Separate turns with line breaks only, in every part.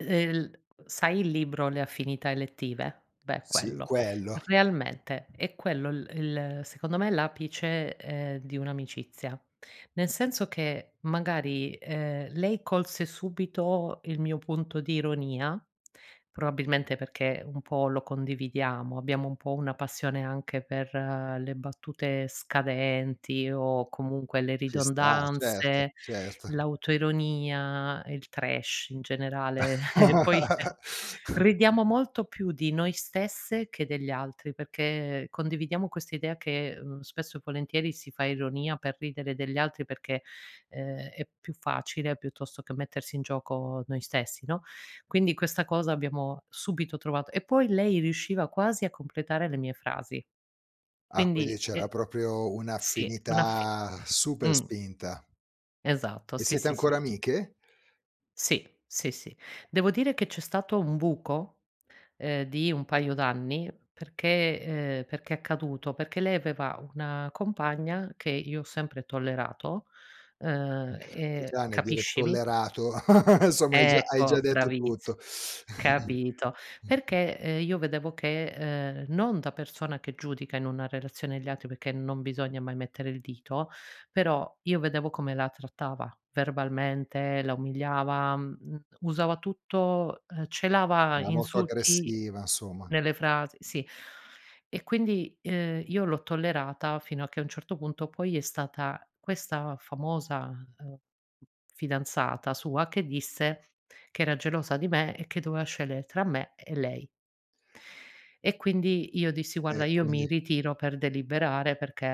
Ehm, l sai il libro "Le Affinità Elettive"? Beh,
Sì,
quello.
quello.
Realmente è quello l il secondo me l'apice, ehm, di un'amicizia. Nel senso che, magari, ehm, lei colse subito il mio punto di ironia, probabilmente perché un po' lo condividiamo, abbiamo un po' una passione anche per le battute scadenti o comunque le
Ci sta, certo,
ridondanze,
certo.
l'autoironia, il trash in generale, e poi ridiamo molto più di noi stesse che degli altri, perché condividiamo questa idea che, mhmm, spesso e volentieri si fa ironia per ridere degli altri perché, ehm, è più facile piuttosto che mettersi in gioco noi stessi, no, quindi questa cosa l'abbiamo subito trovat e poi lei riusciva quasi a completare le mie frasi.
Ah quindi
Quindi
c'era
eh
proprio
sì, un'affi
un'affinità super
mh.
spinta.
Esatto,
E
sì,
sete
sì, sì,
ancora
sì.
amiche?
Sì, sì, sì. Devo dire che c'è stato un buco, ehm, di un paio d'anni, perché ehm, perché è accaduto? Perché lei aveva una compagna che io ho sempre tollerato,
Mh.
ehm,
Che
e
già nel dire
capiscimi.
tollerato, insomma, hai già hai già
Ecco,
detto
bravissi
tutto.
capito. Perché, ehm, io vedevo che, ehm, non da persona che giudica in una relazione gli altri, perché non bisogna mai mettere il dito, però io vedevo come la trattava, verbalmente, la umiliava, mhmm, m usava tutto, ehm, celava
Ma molto
insulti
aggressiva somma.
nelle frasi sì. E quindi, ehm, io l'ho tollerata fino a che a un certo punto poi è stata questa famosa, ehm, fidanzata sua che disse che era gelosa di me e che doveva scegliere tra me e lei. E quindi io dissi:
E,
"Guarda io
quindi
mi ritiro per deliberare perché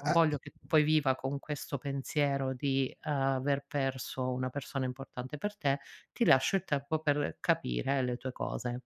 non voglio che poi viva con questo pensiero di aver perso una persona importante per te, ti lascio il tempo per capire le tue cose".